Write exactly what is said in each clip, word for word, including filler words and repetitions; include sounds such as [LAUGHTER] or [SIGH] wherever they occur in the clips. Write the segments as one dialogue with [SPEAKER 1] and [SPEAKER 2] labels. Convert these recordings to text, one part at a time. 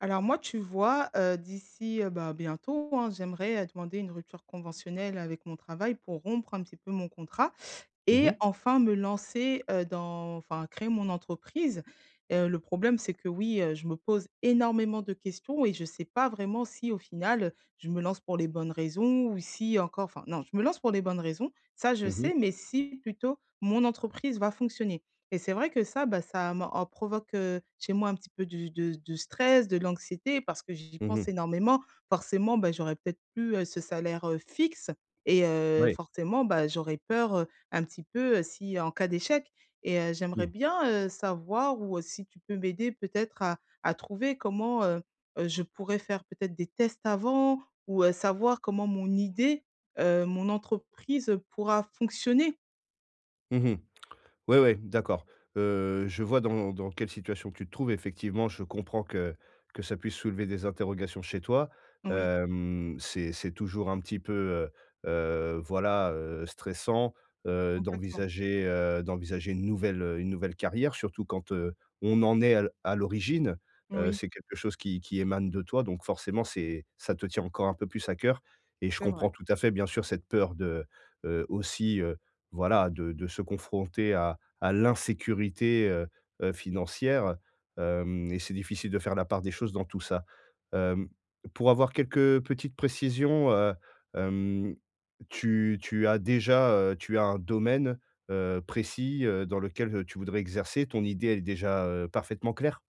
[SPEAKER 1] Alors moi, tu vois, heu, d'ici, heu, bah, bientôt, hein, j'aimerais, heu, demander une rupture conventionnelle avec mon travail pour rompre un petit peu mon contrat
[SPEAKER 2] Mmh
[SPEAKER 1] et
[SPEAKER 2] mh.
[SPEAKER 1] enfin me lancer, heu, dans enfin créer mon entreprise. Heu, le problème, c'est que, oui, heu, je me pose énormément de questions et je sais pas vraiment si au final, je me lance pour les bonnes raisons ou si encore enfin, non je me lance pour les bonnes raisons ça, je
[SPEAKER 2] Mmh mh.
[SPEAKER 1] sais, mais si, plutôt, mon entreprise va fonctionner, et c'est vrai que ça, bah, ça me en provoque, heu, chez moi un petit peu du de de stress, de l'anxiété parce que j'y
[SPEAKER 2] Mmh mh.
[SPEAKER 1] pense énormément. Forcément, bah, j'aurais peut-être plus, heu, ce salaire, heu, fixe et heu,
[SPEAKER 2] Ouais.
[SPEAKER 1] forcément, bah, j'aurais peur, heu, un petit peu, si en cas d'échec et heu, j'aimerais
[SPEAKER 2] Mmh.
[SPEAKER 1] bien, heu, savoir ou si tu peux m'aider peut-être à à trouver comment, heu, heu, je pourrais faire peut-être des tests avant? Ou heu, savoir comment mon idée, heu, mon entreprise pourra fonctionner.
[SPEAKER 2] Mmh mh, ouais, ouais, d'accord. Heu, je vois dans dans quelle situation tu te trouves effectivement, je comprends que que ça puisse soulever des interrogations chez toi.
[SPEAKER 1] Oui.
[SPEAKER 2] Hem, c'est c'est toujours un petit peu, heu, heu, voilà, heu, stressant, heu,
[SPEAKER 1] Complètement.
[SPEAKER 2] d'envisager, heu, d'envisager une nouvelle, heu, une nouvelle carrière surtout quand, heu, on en est à l à l'origine. Heu,
[SPEAKER 1] Oui.
[SPEAKER 2] c'est quelque chose qui qui émane de toi donc forcément c'est ça te tient encore un peu plus à cœur et je
[SPEAKER 1] C'est vrai.
[SPEAKER 2] comprends tout à fait bien sûr cette peur de, heu, aussi, heu, voilà, de de se confronter à à l'insécurité, heu, heu, financière, hem, et c'est difficile de faire la part des choses dans tout ça. Hem, pour avoir quelques, heu, petites précisions, heu, hem, tu tu as déjà, heu, tu as un domaine, heu, précis, heu, dans lequel, heu, tu voudrais exercer? Ton idée, elle est déjà, heu, parfaitement claire?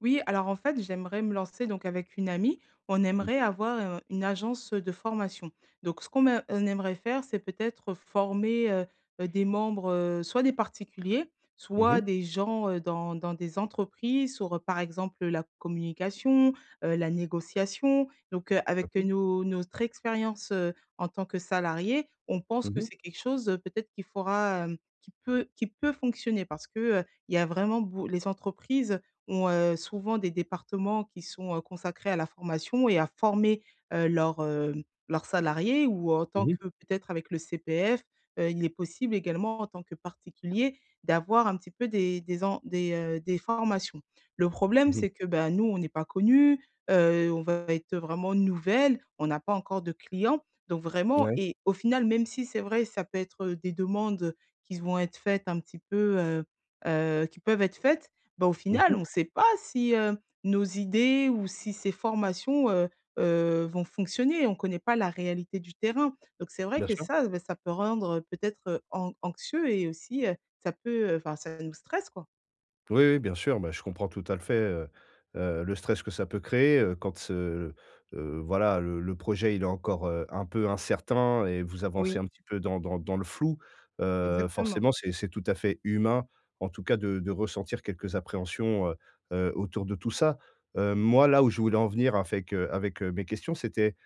[SPEAKER 1] Oui, alors, en fait, j'aimerais me lancer donc, avec une amie, on
[SPEAKER 2] Mmh
[SPEAKER 1] aimerait
[SPEAKER 2] mh.
[SPEAKER 1] avoir, heu, une agence, de formation, donc ce qu'on me on aimerait faire, c'est peut-être former, heu, heu, des membres, heu, soit des particuliers,
[SPEAKER 2] Mmh
[SPEAKER 1] soit
[SPEAKER 2] mh.
[SPEAKER 1] des gens, heu, dans dans des entreprises, sur, heu, par exemple, heu, la communication, heu, la négociation donc, heu,
[SPEAKER 2] Mmh
[SPEAKER 1] avec
[SPEAKER 2] mh.
[SPEAKER 1] nos notre expérience, heu, en tant que salariées. On pense que
[SPEAKER 2] Mmh mh.
[SPEAKER 1] c'est quelque chose peut-être qu'il faurra, hem, qui peut qui peut fonctionner parce que, heu, il y a vraiment bo les entreprises, ont, heu, souvent des départements qui sont, heu, consacrés à la formation et à former, heu, leurs, heu, leurs salariés ou en tant
[SPEAKER 2] Mmh mh.
[SPEAKER 1] que peut-être avec le CPF, heu, il est possible également, en tant que particulier, d'avoir un petit peu des des en des, heu, des formations. Le problème
[SPEAKER 2] Mmh mh.
[SPEAKER 1] c'est que, bah, nous, on n'est pas connues, heu, on va être, heu, vraiment nouvelles, on n'a pas encore de clients donc vraiment
[SPEAKER 2] Ouais.
[SPEAKER 1] et au final, même si c'est vrai, ça peut être, heu, des demandes, qui s vont être faites un petit peu, heu, heu, qui peuvent être faites, ben, au
[SPEAKER 2] Mmh
[SPEAKER 1] final
[SPEAKER 2] mh.
[SPEAKER 1] on sait pas si, heu, nos idées ou si ces formations, heu, heu, vont fonctionner, on connaît pas la réalité du terrain, donc c'est vrai
[SPEAKER 2] Bien
[SPEAKER 1] que
[SPEAKER 2] sûr.
[SPEAKER 1] ça, bah, ça peut rendre peut-être an anxieux et aussi, heu, ça peut, heu, enfin, ça nous stresse quoi.
[SPEAKER 2] Oui, oui, bien sûr, bah, je comprends tout à l fait, heu, heu, le stress que ça peut créer, heu, quand ce, heu, voilà, le le projet, il est encore, heu, un peu incertain et vous avancez
[SPEAKER 1] Oui.
[SPEAKER 2] un petit peu dans dans dans le flou. Heu,
[SPEAKER 1] Exactement.
[SPEAKER 2] forcément c'est c'est tout à fait humain, en tout cas, de de ressentir quelques appréhensions, heu, heu, autour de tout ça. Heu, moi là où je voulais en venir afec, heu, avec, heu, mes questions, c'était,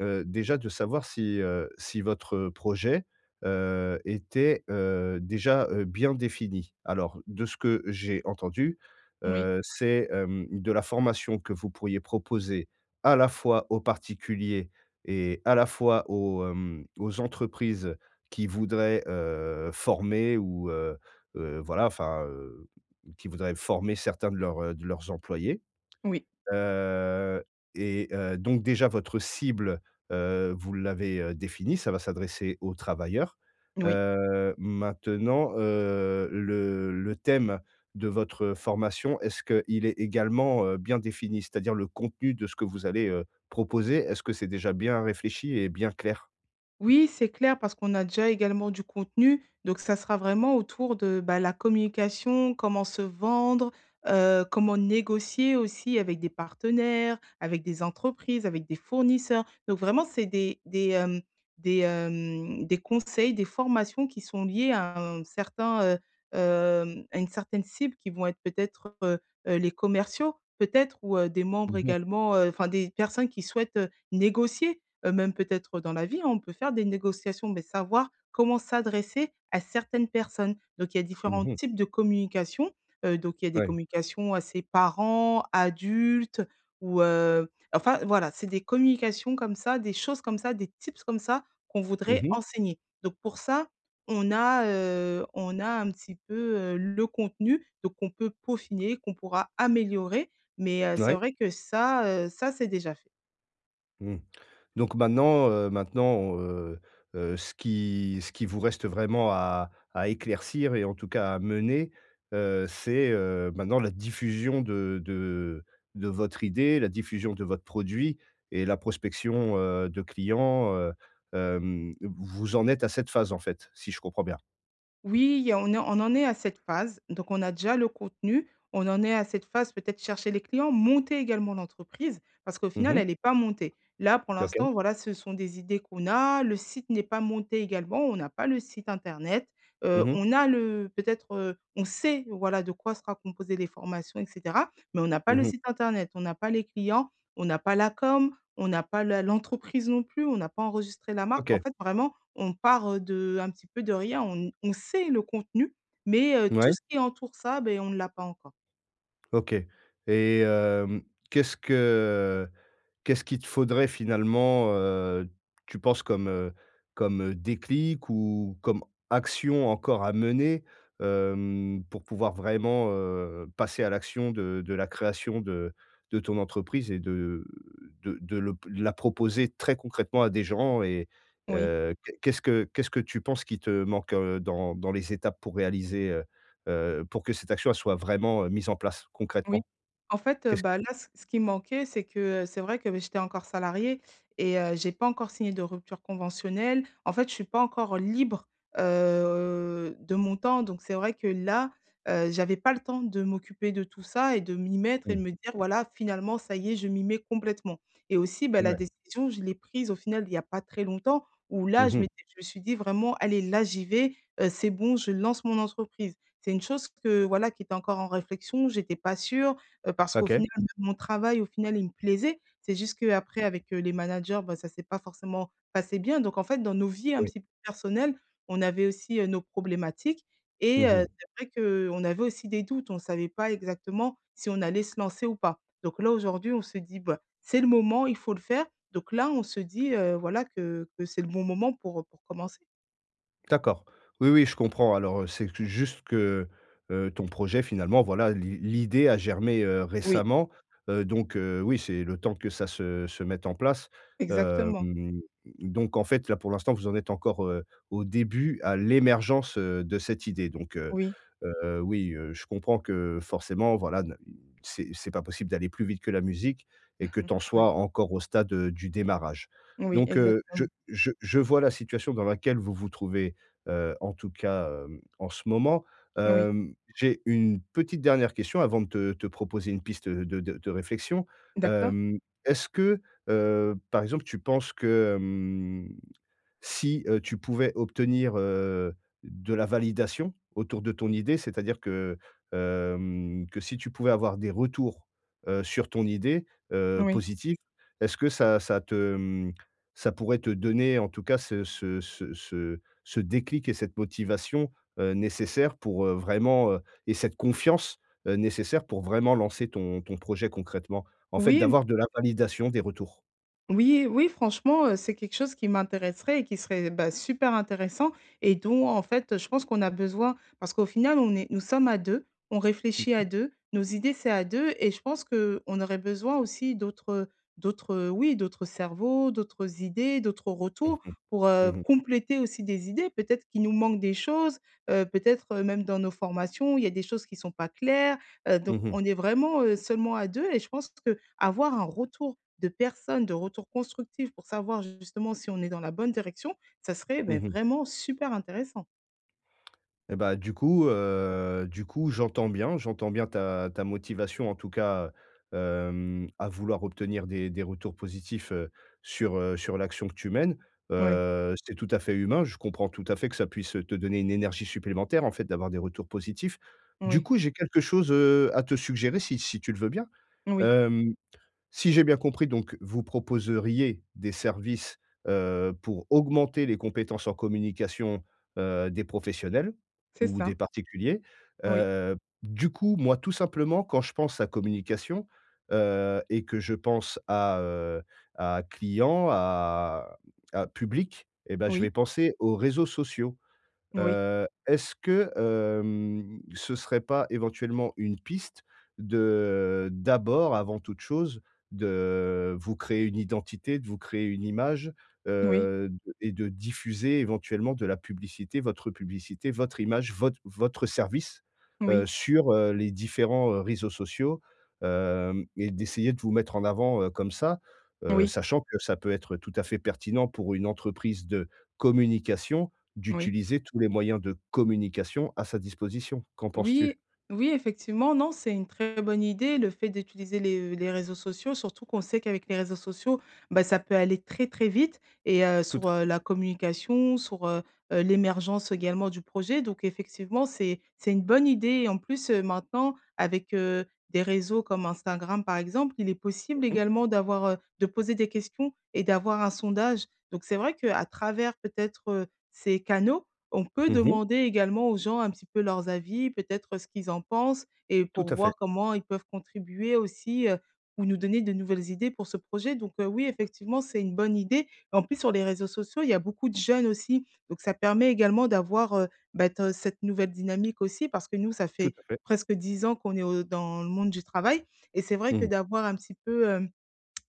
[SPEAKER 2] heu, déjà de savoir si, heu, si votre projet, heu, était, heu, déjà, heu, bien défini. Alors, de ce que j'ai entendu,
[SPEAKER 1] Oui.
[SPEAKER 2] heu, c'est, hem, de la formation que vous pourriez proposer à la fois aux particuliers et à la fois aux, hem, aux entreprises qui voudraient, heu, former ou, heu, heu, voilà, enfin, heu, qui voudraient former certains de leurs, heu, de leurs employés.
[SPEAKER 1] Oui.
[SPEAKER 2] Heu, et heu, donc déjà votre cible, heu, vous l'avez, heu, définie? Ca va s'adresser aux travailleurs.
[SPEAKER 1] N oui.
[SPEAKER 2] Heu, maintenant, heu, le le thème de votre formation, est-ce qu'il est également, heu, bien défini? C'est-à-dire le contenu de ce que vous allez, heu, proposer, est-ce que c'est déjà bien réfléchi et bien clair?
[SPEAKER 1] Oui, c'est clair, parce qu'on a déjà également du contenu, donc ça sera vraiment autour de, bah, la communication, comment se vendre, heu, comment négocier aussi avec des partenaires, avec des entreprises, avec des fournisseurs, donc vraiment, c'est des des, hem, des, hem, des conseils, des formations qui sont liées à un certain, heu, hem, à une certaine cible qui vont être peut-être, heu, heu, les commerciaux, peut-être, ou, heu, des membres
[SPEAKER 2] Mmh mh.
[SPEAKER 1] également heu, enfin des personnes qui souhaitent, heu, négocier, heu, même peut-être dans la vie, hein, on peut faire des négociations, beh, savoir comment s'adresser à certaines personnes, donc il y a
[SPEAKER 2] Mmh
[SPEAKER 1] différents
[SPEAKER 2] mh.
[SPEAKER 1] types de communication, heu, donc il y a des
[SPEAKER 2] Ouais.
[SPEAKER 1] communications à ses parents, adultes ou, heu, enfin voilà, c'est des communications comme ça, des choses comme ça, des tips comme ça, qu'on
[SPEAKER 2] Mmh
[SPEAKER 1] voudrait
[SPEAKER 2] mh.
[SPEAKER 1] enseigner, donc pour ça, on a, heu, on a un petit peu, heu, le contenu, donc on peut peaufiner, qu'on pourra améliorer mais heu, c'est
[SPEAKER 2] Ouais.
[SPEAKER 1] vrai que ça, heu, ça s'est déjà fait.
[SPEAKER 2] Mmh, donc maintenant, heu, maintenant, heu, heu, ce qui ce qui vous reste vraiment à à éclaircir et en tout cas à mener, heu, c'est, heu, maintenant, la diffusion de de de votre idée, la diffusion de votre produit, et la prospection, heu, de clients, heu, hem, vous en êtes à cette phase, en fait, si je comprends bien?
[SPEAKER 1] Oui il y a on est on en est à cette phase, donc on a déjà le contenu, on en est à cette phase, peut-être, chercher les clients, monter également l'entreprise. Parce qu'au
[SPEAKER 2] Mmh
[SPEAKER 1] final, elle
[SPEAKER 2] mh.
[SPEAKER 1] est pas montée. Là pour
[SPEAKER 2] OK.
[SPEAKER 1] l'instant, voilà, ce sont des idées qu'on a, le site n'est pas monté également, on n'a pas le site internet, heu,
[SPEAKER 2] Mmh mh.
[SPEAKER 1] on a le peut-être, heu, on sait, voilà, de quoi sera composées les formations et cetera, mais on n'a pas
[SPEAKER 2] Mmh
[SPEAKER 1] le
[SPEAKER 2] mh.
[SPEAKER 1] site internet, on n'a pas les clients, on n'a pas la com, on n'a pas la l'entreprise non plus, on n'a pas enregistré la marque, en
[SPEAKER 2] OK.
[SPEAKER 1] fait, vraiment, on part, heu, de un petit peu de rien, on n on sait le contenu, mais heu,
[SPEAKER 2] Mouais.
[SPEAKER 1] tout ce qui entoure ça, beh, on ne l'a pas encore.
[SPEAKER 2] OK et hem, qu'est-ce que qu'est-ce qu'il te faudrait finalement, heu, tu penses comme, heu, comme, heu, déclic ou comme action encore à mener, hem, pour pouvoir vraiment, heu, passer à l'action de de la création de de ton entreprise et de de de l'op la proposer très concrètement à des gens et
[SPEAKER 1] Oui.
[SPEAKER 2] heu, qu'est-ce que qu'est-ce que tu penses qui te, heu, manque dans les étapes pour réaliser, heu heu, pour que cette action elle soit vraiment, heu, mise en place
[SPEAKER 1] Oui,
[SPEAKER 2] concrètement?
[SPEAKER 1] en fait, heu,
[SPEAKER 2] Qu'est-ce
[SPEAKER 1] bah, là, c ce qui manquait c'est que, heu, c'est vrai que, bah, j'étais encore salariée et heu, j'ai pas encore signé de rupture conventionnelle. En fait, je suis pas encore libre, heu, de mon temps donc c'est vrai que là, heu, j'avais pas le temps de m'occuper de tout ça et de m'y mettre et de
[SPEAKER 2] Mmh.
[SPEAKER 1] me dire: «Voilà, finalement, ça y est, je m'y mets complètement» et aussi bah la
[SPEAKER 2] Mouais.
[SPEAKER 1] décision je l'ai prise au final il y a pas très longtemps où
[SPEAKER 2] Mmh
[SPEAKER 1] là je
[SPEAKER 2] mh.
[SPEAKER 1] m'étais je me suis dit vraiment: «Allez là j'y vais, heu, c'est bon je lance mon entreprise». C'est une chose que, voilà, qui était encore en réflexion, j'étais pas sûre, heu, parce qu'au
[SPEAKER 2] OK.
[SPEAKER 1] final, même mon travail au final, il me plaisait. C'est juste qu'après avec les managers, bah, ça s'est pas forcément passé bien donc en fait dans nos vies un
[SPEAKER 2] Oui.
[SPEAKER 1] petit peu personnelles, on avait aussi, heu, nos problématiques et
[SPEAKER 2] Mmh
[SPEAKER 1] heu,
[SPEAKER 2] mh.
[SPEAKER 1] c'est vrai qu'on avait aussi des doutes, on savait pas exactement si on allait se lancer ou pas. Donc là aujourd'hui on se dit, bah,: «C'est le moment, il faut le faire». Donc là, on se dit heu, voilà, que que c'est le bon moment pour, heu, pour commencer.
[SPEAKER 2] D'accord, oui, oui je comprends alors, heu, c'est que juste que, heu heu, ton projet finalement voilà l'i l'idée a germé, heu,
[SPEAKER 1] Oui.
[SPEAKER 2] récemment, heu, donc heu, oui c'est le temps que ça se se mette en place,
[SPEAKER 1] Exactement.
[SPEAKER 2] hem, donc en fait là pour l'instant vous en êtes encore, heu, au début, à l'émergence, heu, de cette idée donc, heu
[SPEAKER 1] Oui.
[SPEAKER 2] heu, oui, heu, je comprends que forcément, voilà, n c'est c'est pas possible d'aller plus vite que la musique et
[SPEAKER 1] [CHUCKLES]
[SPEAKER 2] que tu en
[SPEAKER 1] Ouais.
[SPEAKER 2] sois encore au stade du démarrage.
[SPEAKER 1] Oui,
[SPEAKER 2] Donc, heu, je
[SPEAKER 1] exactem
[SPEAKER 2] je je vois la situation dans laquelle vous vous trouvez, heu, en tout cas, hem, en ce moment,
[SPEAKER 1] Oui.
[SPEAKER 2] hem, j'ai une petite dernière question avant de te te proposer une piste de de de réflexion,
[SPEAKER 1] D'accord.
[SPEAKER 2] hem, est-ce que, heu, par exemple tu penses que hem si, heu, tu pouvais obtenir, heu, de la validation autour de ton idée, c'est-à-dire que, hem, que si tu pouvais avoir des retours, heu, sur ton idée, heu,
[SPEAKER 1] Oui.
[SPEAKER 2] positifs, est-ce que ça ça te mmh, ça pourrait te donner en tout cas ce ce ce ce ce déclic et cette motivation, heu, nécessaires pour, heu, vraiment, heu et cette confiance, heu, nécessaire pour vraiment lancer ton ton projet concrètement? En fait
[SPEAKER 1] Oui m
[SPEAKER 2] d'avoir de la validation, des retours?
[SPEAKER 1] Oui, oui franchement, heu, c'est quelque chose qui m'intéresserait et qui serait, bah, super intéressant et dont en fait, je pense qu'on a besoin, parce qu'au final on est nous sommes à deux on
[SPEAKER 2] Mmh
[SPEAKER 1] réfléchit à
[SPEAKER 2] mh.
[SPEAKER 1] deux nos idées c'est à deux et je pense qu'on aurait besoin aussi d'autres, heu, d'autres, heu oui d'autres cerveaux, d'autres idées, d'autres
[SPEAKER 2] Mmh
[SPEAKER 1] retours
[SPEAKER 2] mh.
[SPEAKER 1] pour, heu,
[SPEAKER 2] Mmh mh.
[SPEAKER 1] compléter aussi des idées. Peut-être qu'il nous manque des choses, heu, peut-être même dans nos formations. Il y a des choses qui sont pas claires, heu, donc
[SPEAKER 2] Mmh mh.
[SPEAKER 1] on est vraiment, heu, seulement à deux, et je pense qu'avoir un retour de personnes de retour constructif pour savoir justement si on est dans la bonne direction, ça serait mais
[SPEAKER 2] Mmh mh.
[SPEAKER 1] vraiment super intéressant.
[SPEAKER 2] Eh bah du coup heu du coup j'entends bien j'entends bien ta ta motivation en tout cas, hem, à vouloir obtenir des des retours positifs, heu, sur, heu, sur l'action que tu mènes.
[SPEAKER 1] Oui.
[SPEAKER 2] Heu, c'est tout à fait humain je comprends tout à fait que ça puisse te donner une énergie supplémentaire en fait d'avoir des retours positifs. Du
[SPEAKER 1] Oui.
[SPEAKER 2] coup, j'ai quelque chose, heu, à te suggérer si si tu le veux bien
[SPEAKER 1] Oui.
[SPEAKER 2] hem, si j'ai bien compris donc, vous proposeriez des services, heu, pour augmenter les compétences en communication, heu, des professionnels
[SPEAKER 1] C'est
[SPEAKER 2] ou des
[SPEAKER 1] ça.
[SPEAKER 2] particuliers?
[SPEAKER 1] Oui.
[SPEAKER 2] Heu, du coup moi tout simplement quand je pense à communication, heu, et que je pense à, heu, à client à à public et bah, je vais
[SPEAKER 1] Oui.
[SPEAKER 2] penser aux réseaux sociaux.
[SPEAKER 1] Oui.
[SPEAKER 2] Heu, est-ce que hem ce serait pas, éventuellement, une piste, de, heu d'abord avant toute chose, de vous créer une identité, de vous créer une image,
[SPEAKER 1] Oui.
[SPEAKER 2] heu, d et de diffuser éventuellement de la publicité, votre publicité, votre image, vot votre service, heu,
[SPEAKER 1] Oui.
[SPEAKER 2] sur, heu, les différents, heu, réseaux sociaux. Hem, et d'essayer de vous mettre en avant heu, comme ça, heu,
[SPEAKER 1] Oui.
[SPEAKER 2] sachant que ça peut être tout à fait pertinent pour une entreprise de communication,
[SPEAKER 1] Oui.
[SPEAKER 2] d'utiliser tous les moyens de communication, à sa disposition. Qu'en penses-tu?
[SPEAKER 1] Oui, oui, effectivement, non c'est une très bonne idée le fait d'utiliser les v les réseaux sociaux surtout qu'on sait qu'avec les réseaux sociaux, ben, ça peut aller très, très vite et heu,
[SPEAKER 2] Tout
[SPEAKER 1] sour
[SPEAKER 2] à
[SPEAKER 1] heu,
[SPEAKER 2] fait.
[SPEAKER 1] la communication, sour, heu heu, l'émergence également du projet donc effectivement c'est c'est une bonne idée, et en plus, heu, maintenant avec, heu, des réseaux comme Instagram par exemple, il est possible
[SPEAKER 2] Mmh mh.
[SPEAKER 1] également d'avoir, heu de poser des questions et d'avoir un sondage. Donc c'est vrai qu'à travers peut-être, heu, ces canaux, on peut
[SPEAKER 2] Mmh mh.
[SPEAKER 1] demander également aux gens un petit peu leurs avis, peut-être ce qu'ils en pensent et
[SPEAKER 2] Tout
[SPEAKER 1] pour
[SPEAKER 2] à fait.
[SPEAKER 1] voir comment ils peuvent contribuer aussi, heu, ou nous donner de nouvelles idées pour ce projet. Donc heu, oui effectivement c'est une bonne idée, en plus sur les réseaux sociaux il y a beaucoup de jeunes aussi, donc ça permet également d'avoir, heu, bah t cette nouvelle dynamique aussi parce que nous ça
[SPEAKER 2] Tout
[SPEAKER 1] fait,
[SPEAKER 2] à fait.
[SPEAKER 1] presque dix ans qu'on est au dans le monde du travail, et c'est vrai que
[SPEAKER 2] Mmh.
[SPEAKER 1] d'avoir un petit peu, hem,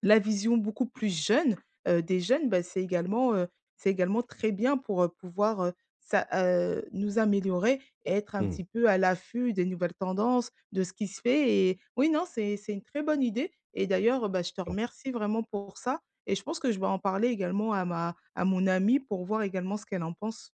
[SPEAKER 1] la vision beaucoup plus jeune, heu, des jeunes, bah, c'est également, heu, c'est également très bien pour, heu, pouvoir, heu, s'a heu, nous améliorer et être un
[SPEAKER 2] Mmh.
[SPEAKER 1] petit peu à l'affût des nouvelles tendances, de ce qui se fait, et oui, non c'est c'est une très bonne idée et d'ailleurs, heu, bah, je te
[SPEAKER 2] t'en
[SPEAKER 1] remercie vraiment pour ça et je pense que je vais en parler également à ma à mon amie pour voir également ce qu'elle en pense.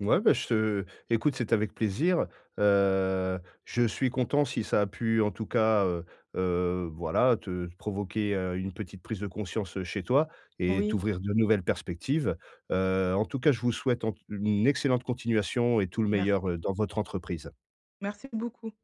[SPEAKER 2] Ouais ben je te écoute c'était avec plaisir, heu, je suis content si ça a pu en tout cas, heu heu, voilà te provoquer, heu, une petite prise de conscience, heu, chez toi et
[SPEAKER 1] Oui.
[SPEAKER 2] t'ouvrir de nouvelles perspectives, heu, en tout cas je vous souhaite en t une excellente continuation et tout le meilleur,
[SPEAKER 1] Merci.
[SPEAKER 2] heu, dans votre entreprise.
[SPEAKER 1] Merci beaucoup.